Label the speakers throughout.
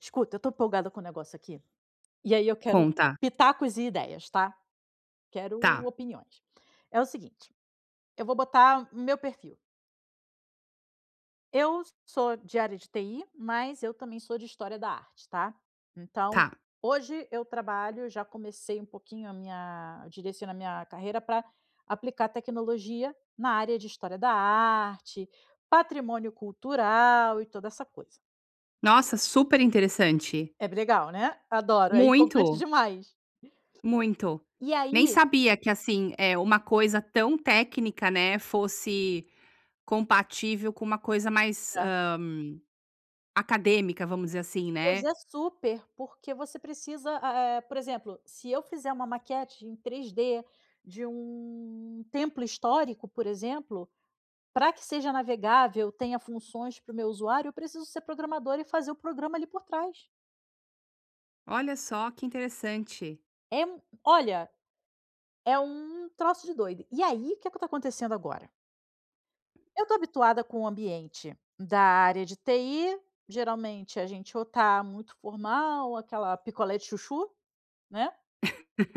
Speaker 1: Escuta, eu estou empolgada com o negócio aqui, e aí eu quero
Speaker 2: Conta.
Speaker 1: pitacos e ideias, tá? Quero
Speaker 2: Tá.
Speaker 1: opiniões. É o seguinte: eu vou botar o meu perfil Eu sou de área de TI, mas eu também sou de história da arte, tá. Então,
Speaker 2: Tá.
Speaker 1: hoje eu trabalho já comecei um pouquinho a minha direcionar a minha carreira pra aplicar tecnologia na área de história da arte, patrimônio cultural e toda essa coisa.
Speaker 2: Nossa, super interessante!
Speaker 1: É b legal, né? Adoro, é empolgante
Speaker 2: Muito!
Speaker 1: demais.
Speaker 2: Muito.
Speaker 1: E
Speaker 2: Nem
Speaker 1: aí
Speaker 2: sabia que assim, eh, uma coisa tão técnica, né, fosse compativel com uma coisa mais,
Speaker 1: Aham.
Speaker 2: hã, acadêmica, vamos dizer assim,
Speaker 1: Pois
Speaker 2: né.
Speaker 1: é super, porque você precisa a é por exemplo, se eu fizer uma maquete em 3D de um templo histórico, por exemplo, pra que seja navegável, tenha funções para o meu usuário, eu preciso ser programadora e fazer o programa, ali, por trás.
Speaker 2: Olha só, que interessante.
Speaker 1: É m olha, é um troço de doido. E aí, que é que tá acontecendo agora Eu tô habituada com o ambiente da área de TI. Geralmente a gente ou tá muito formal, ou aquela picolé de chuchu, né?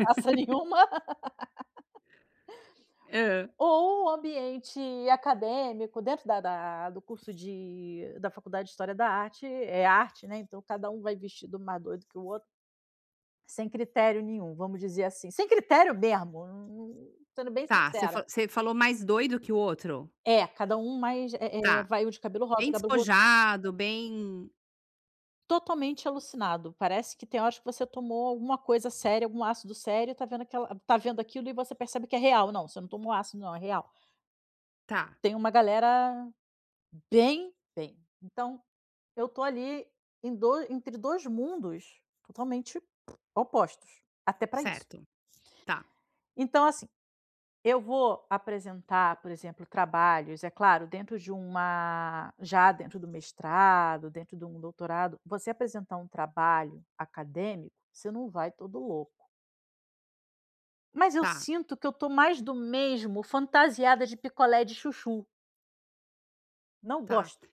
Speaker 1: Passa nenhuma
Speaker 2: Hã.
Speaker 1: Ou o ambiente acadêmico, dentro da da do curso de da faculdade de história da arte. É arte, né? Então cada um vai vestido um mais doido que o outro sem critério nenhum, vamos dizer assim. Sem critério mesmo, hum, sendo bem
Speaker 2: Tá, você
Speaker 1: sincera.
Speaker 2: fa você falou mais doido que o outro?
Speaker 1: É, cada um mais é é
Speaker 2: Tá.
Speaker 1: vai um de cabelo rosa,
Speaker 2: Bem
Speaker 1: o cabelo roxo
Speaker 2: despojado, bem
Speaker 1: Totalmente alucinado. Parece que tem horas que você tomou alguma coisa séria, algum ácido sério, e tá vendo aquela está vendo aquilo, e você percebe que é real: "Não, você não tomou ácido não, é real".
Speaker 2: Tá.
Speaker 1: Tem uma galera bem, bem. Então, eu tô ali, em doi entre 2 mundos totalmente opostos. Até pra isso.
Speaker 2: Certo. Tá.
Speaker 1: Então assim, eu vou apresentar, por exemplo, trabalhos, é claro, dentro de uma já dentro do mestrado, dentro de um doutorado, você apresentar um trabalho acadêmico, você não vai todo louco. Mas eu
Speaker 2: Tá.
Speaker 1: sinto que eu tô mais do mesmo, fantasiada de picolé de chuchu. Não
Speaker 2: Tá.
Speaker 1: gosto.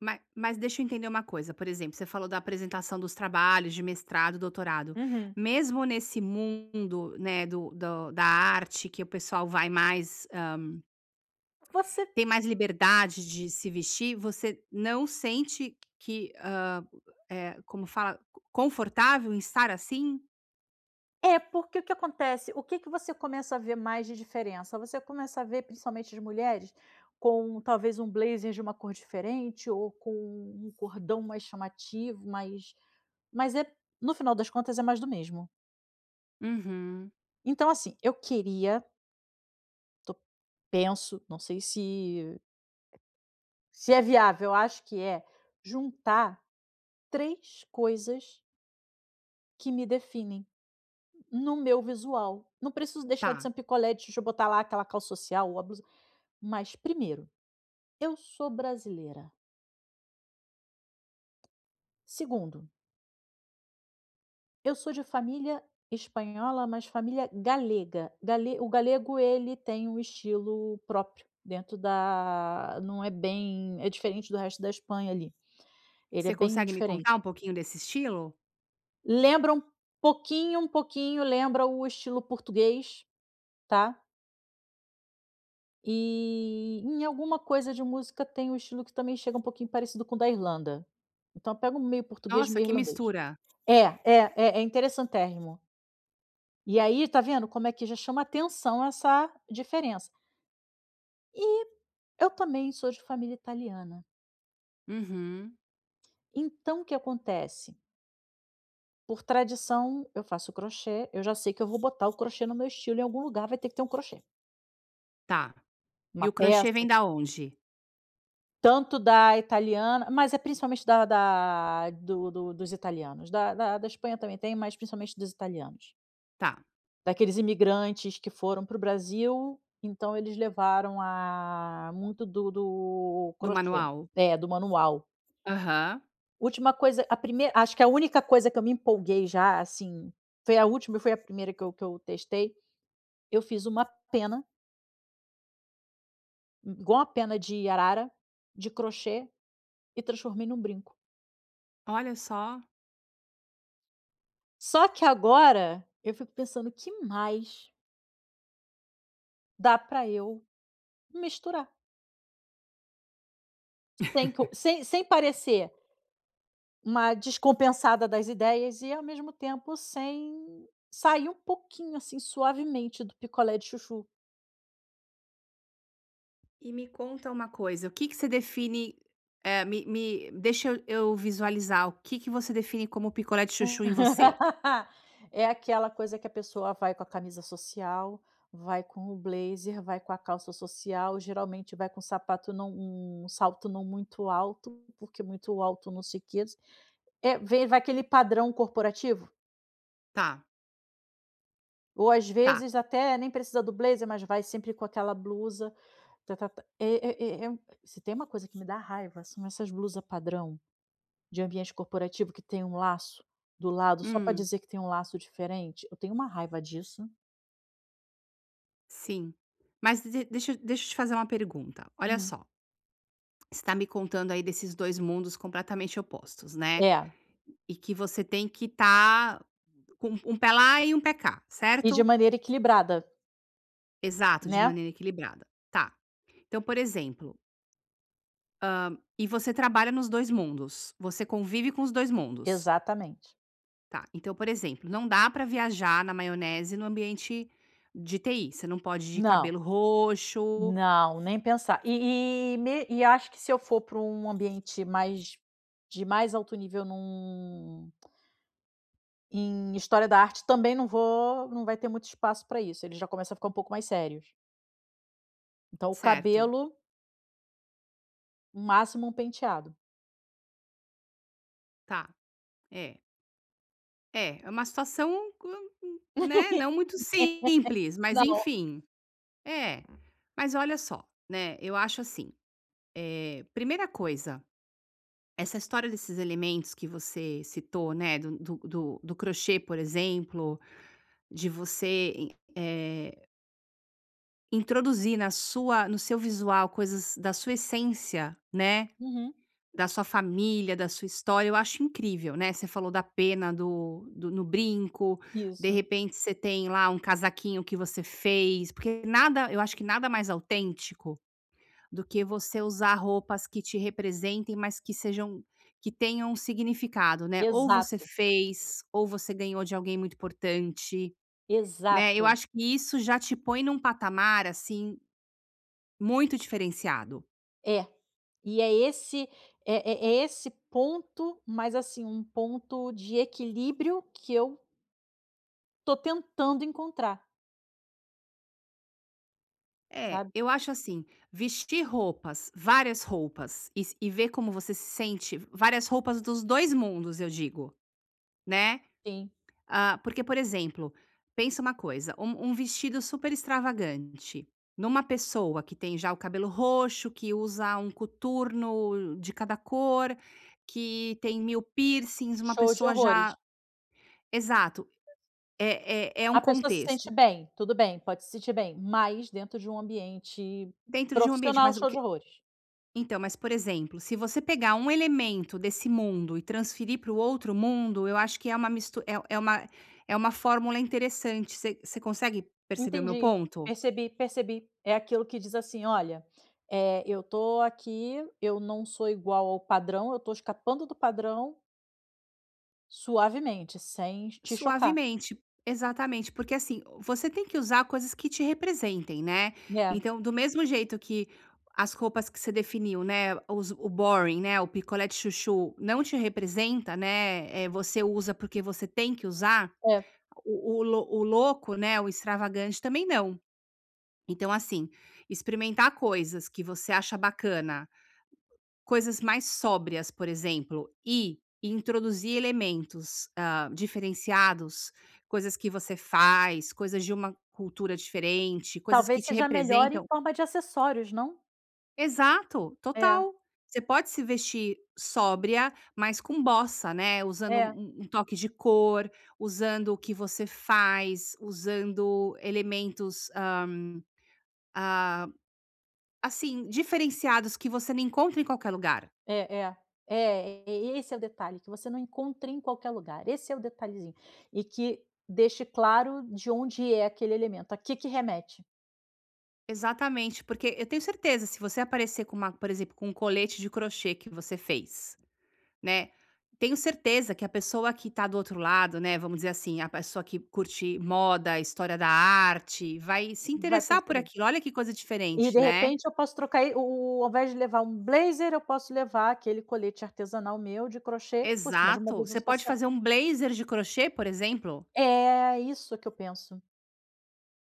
Speaker 2: Ma mas deixa eu entender uma coisa: por exemplo, você falou da apresentação dos trabalhos de mestrado e doutorado.
Speaker 1: Uhum.
Speaker 2: Mesmo nesse mundo, né, do do da arte, que o pessoal vai mais, hã
Speaker 1: Você
Speaker 2: tem mais liberdade de se vestir, você não sente que, hã, eh, como fala confortável em estar assim?
Speaker 1: É, porque o que acontece, o que que você começa a ver mais de diferença: você começa a ver, principalmente de mulheres, com talvez um blazer de uma cor diferente, ou com um cordão mais chamativo, mas mas é, no final das contas, é mais do mesmo.
Speaker 2: Uhum.
Speaker 1: Então assim, eu queria Tô penso. Não sei se se é viável, eu acho que é, juntar 3 coisas que me definem, no meu visual. Não preciso deixar de ser
Speaker 2: Tá.
Speaker 1: um picolé de chuchu, botar lá aquela calça social ou a blusa. Mas, primeiro, eu sou brasileira. Segundo eu sou de família espanhola, mas família galega. Gale O galego, ele tem um estilo próprio, dentro da não é bem é diferente do resto da Espanha, ali. Ele é
Speaker 2: Você
Speaker 1: bem
Speaker 2: consegue me
Speaker 1: diferente.
Speaker 2: contar um pouquinho desse estilo?
Speaker 1: Lembra um pouquinho um pouquinho lembra o estilo português, tá. E, em alguma coisa de música, tem um estilo que também chega um pouquinho parecido com o da Irlanda. Então pega um meio português
Speaker 2: Nossa,
Speaker 1: meio
Speaker 2: que
Speaker 1: irlandês.
Speaker 2: mistura.
Speaker 1: É, é, é interessantérrimo. E aí, tá vendo, como é que já chama atenção essa diferença. E, eu também sou de família italiana.
Speaker 2: Uhum.
Speaker 1: Então, o que acontece por tradição, eu faço o crochê, eu já sei que eu vou botar o crochê no meu estilo, em algum lugar vai ter que ter um crochê.
Speaker 2: Tá. E
Speaker 1: Uma
Speaker 2: o crochê
Speaker 1: peça
Speaker 2: vem da onde?
Speaker 1: Tanto da italiana mas é principalmente da da do do dos italianos. Da da da Espanha também tem, mas principalmente dos italianos.
Speaker 2: Tá.
Speaker 1: Daqueles imigrantes que foram para o Brasil, então eles levaram a muito do do
Speaker 2: Do
Speaker 1: crochê.
Speaker 2: manual?
Speaker 1: É, do manual.
Speaker 2: Aham.
Speaker 1: Última coisa a primei acho que a única coisa que eu me empolguei já, assim, foi a última e foi a primeira que eu que eu testei. Eu fiz uma pena i igual a uma pena de arara, de crochê, e transformei em um brinco.
Speaker 2: Olha só.
Speaker 1: Só que agora, eu fico pensando: "O que mais" dá pra eu misturar? [unintelligible] sem sem parecer uma descompensada das ideias, e ao mesmo tempo sem sair um pouquinho assim, suavemente, do picolé de chuchu.
Speaker 2: E me conta uma coisa: o que que você define, eh, me me deixa e eu visualizar, o que que você define como picolé de chuchu em você?
Speaker 1: É aquela coisa que a pessoa vai com a camisa social, vai com o blazer, vai com a calça social, geralmente vai com um sapato não um salto não muito alto, porque muito alto não sei que é, vem vai aquele padrão corporativo.
Speaker 2: Tá.
Speaker 1: Ou, às
Speaker 2: Tá.
Speaker 1: vezes, até, nem precisa do blazer, mas vai sempre com aquela blusa, ta ta ta e e e se tem uma coisa que me dá raiva são essas blusa-padrão de ambiente corporativo, que tem laço do lado, só para
Speaker 2: Hum.
Speaker 1: dizer que tem um laço diferente. Eu tenho uma raiva disso.
Speaker 2: Sim. Mas de de deixa eu deixa eu te fazer uma pergunta, olha
Speaker 1: Hum.
Speaker 2: só você está me contando, aí, desses 2 mundos completamente opostos, né.
Speaker 1: É.
Speaker 2: E que você tem que estar com um um pé lá e um pé cá,
Speaker 1: E de
Speaker 2: certo?
Speaker 1: maneira equilibrada.
Speaker 2: Exato, de
Speaker 1: Né?
Speaker 2: maneira equilibrada. Tá, então por exemplo hã, e você trabalha nos 2 mundos? Você convive com os 2 mundos?
Speaker 1: Exatamente.
Speaker 2: Tá, então, por exemplo, não dá pra viajar na maionese no ambiente de TI, você não pode ir de
Speaker 1: Não.
Speaker 2: cabelo roxo
Speaker 1: Não, nem pensar. E e me e acho que se eu for pra um ambiente mais de mais alto nível em um em história da arte, também não vou não vai ter muito espaço pra isso, ele já começa a ficar pouco mais sérios. Então o
Speaker 2: Certo.
Speaker 1: cabelo no máximo um penteado.
Speaker 2: Tá, é. É, é uma situação, um co né, não muito simples, mas
Speaker 1: Não.
Speaker 2: enfim. É. Mas olha só, né, eu acho assim. Eh, primeira coisa, essa história desses elementos que você citou, né, do do do do crochê, por exemplo, de você i eh introduzir na sua no seu visual, coisas da sua essência, né,
Speaker 1: Uhum.
Speaker 2: da sua família, da sua história, eu acho incrível, né. Você falou da pena do do no brinco. De
Speaker 1: Isso.
Speaker 2: repente você tem lá um casaquinho que você fez, porque nada eu acho que nada mais autêntico, do que você usar roupas que te representem, mas que sejam que tenham significado, né? Ou você
Speaker 1: Exato.
Speaker 2: fez ou você ganhou de alguém muito importante, né, eu
Speaker 1: Exato.
Speaker 2: acho que isso já te põe num patamar, assim, muito diferenciado.
Speaker 1: É. E é esse é é é esse ponto, mas assim, um ponto de equilíbrio que eu tô tentando encontrar.
Speaker 2: É,
Speaker 1: Sabe?
Speaker 2: eu acho assim: vestir roupas, várias roupas e s e ver como você se sente v várias roupas dos 2 mundos, eu digo, né.
Speaker 1: Sim.
Speaker 2: Ah, porque, por exemplo, pensa uma coisa: um um vestido super extravagante numa pessoa que tem já o cabelo roxo, que usa um coturno de cada cor, que tem 1000 piercings, uma
Speaker 1: Show de
Speaker 2: pessoa
Speaker 1: horrores.
Speaker 2: já exato, é é é um
Speaker 1: A pessoa se
Speaker 2: contexto.
Speaker 1: sente bem. Tudo bem, pode se sentir bem, mas dentro de um ambiente
Speaker 2: Dentro de um ambiente,
Speaker 1: profissional,
Speaker 2: mas o
Speaker 1: show de
Speaker 2: que
Speaker 1: horrores.
Speaker 2: Então, mas por exemplo, se você pegar um elemento desse mundo e transferir para o outro mundo, eu acho que é uma mist é é uma é uma fórmula interessante, você você consegue perceber o meu
Speaker 1: Entendi.
Speaker 2: ponto?
Speaker 1: Percebi, percebi. É aquilo que diz assim: "Olha, eh, eu estou aqui, eu não sou igual ao padrão, eu estou escapando do padrão" "suavemente, sem te chocar".
Speaker 2: Suavemente. Exatamente. Porque assim, você tem que usar coisas que te representem, né.
Speaker 1: Né.
Speaker 2: Então, do mesmo jeito que as roupas que você definiu, né, os o boring, né, o picolé de chuchu, não te representa, né, eh, você usa, porque você tem que usar,
Speaker 1: É.
Speaker 2: o o loc o louco, né, o extravagante, também não. Então assim, experimentar coisas que você acha bacana coisas mais sóbrias, por exemplo, e introduzir elementos, ah, diferenciados, coisas que você faz, coisas de uma cultura diferente, coisas que
Speaker 1: Talvez
Speaker 2: te
Speaker 1: seja melhor em
Speaker 2: representam
Speaker 1: forma de acessórios, não?
Speaker 2: Exato,
Speaker 1: É.
Speaker 2: total. Você pode se vestir sóbria, mas com bossa, né. Usando
Speaker 1: É.
Speaker 2: um um toque de cor, usando o que você faz, usando elementos, hã, ah, assim, diferenciados, que você não encontra em qualquer lugar.
Speaker 1: É, é. É, e esse é o detalhe, que você não encontra em qualquer lugar, esse é o detalhezinho. E que, deixe claro, de onde é aquele elemento, a que que remete.
Speaker 2: Exatamente. Porque, eu tenho certeza, se você aparecer com uma por exemplo, com um colete de crochê que você fez, né. Tenho certeza que a pessoa que tá do outro lado, né, vamos dizer assim, a pessoa que curte moda, história da arte, vai se
Speaker 1: Vai
Speaker 2: interessar por
Speaker 1: perceber.
Speaker 2: aquilo. Olha que coisa
Speaker 1: E,
Speaker 2: diferente,
Speaker 1: de
Speaker 2: né.
Speaker 1: repente, eu posso trocar e o o o ao invés de levar um blazer, eu posso levar aquele colete artesanal meu, de crochê, por cima de uma
Speaker 2: Exato.
Speaker 1: blusa
Speaker 2: Você pode
Speaker 1: social.
Speaker 2: fazer um blazer de crochê, por exemplo.
Speaker 1: É, é isso que eu penso.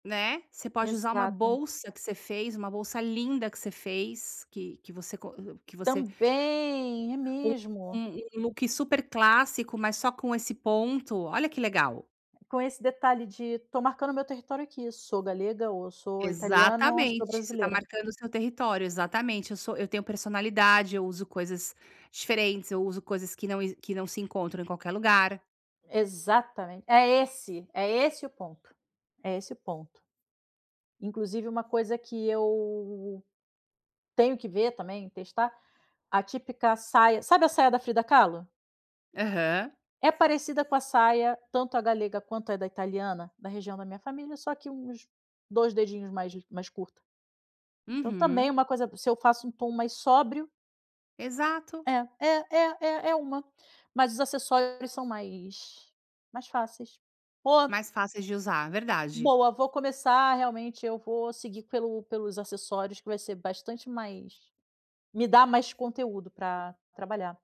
Speaker 2: Né. Você pode usar uma
Speaker 1: Exato!
Speaker 2: bolsa que você fez, uma bolsa linda que você fez, que que você co que você
Speaker 1: Também, é
Speaker 2: um
Speaker 1: mesmo.
Speaker 2: um um look super clássico, mas só com esse ponto. Olha que legal.
Speaker 1: Com esse detalhe de: "Tô marcando o meu território aqui. Sou galega, ou sou italiana, sou
Speaker 2: Exatamente! Você tá
Speaker 1: brasileira".
Speaker 2: marcando o seu território. Exatamente. "Eu sou eu tenho personalidade, eu uso coisas diferentes, eu uso coisas que não exi que não se encontram em qualquer lugar".
Speaker 1: Exatamente! É esse! É esse o ponto. É esse o ponto. Inclusive uma coisa que eu tenho que ver, também, testar, a típica saia sabe a saia da Frida Kahlo?
Speaker 2: Aham.
Speaker 1: É parecida com a saia, tanto a galega quanto a da italiana, da região da minha família, só que uns 2 dedinhos mais g mais curta. Então também é
Speaker 2: Uhum.
Speaker 1: uma coisa se eu faço tom mais sóbrio
Speaker 2: Exato.
Speaker 1: É. É é é é uma. Mas os acessórios são mais mais fáceis. O
Speaker 2: Mais fáceis de usar, verdade.
Speaker 1: Boa, vou começar, realmente, eu vou seguir pelo pelos acessórios, que vai ser bastante mais me dá mais conteúdo pra trabalhar.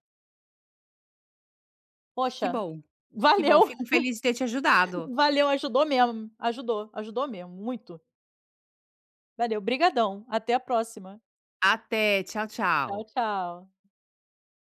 Speaker 2: Que
Speaker 1: Poxa,
Speaker 2: bom. Que bom,
Speaker 1: valeu!
Speaker 2: fico feliz de ter te ajudado.
Speaker 1: Valeu, ajudou mesmo. Ajudou. Ajudou mesmo, muito. Valeu. Obrigadão, até a próxima.
Speaker 2: Até, tchau, tchau.
Speaker 1: Tchau, tchau.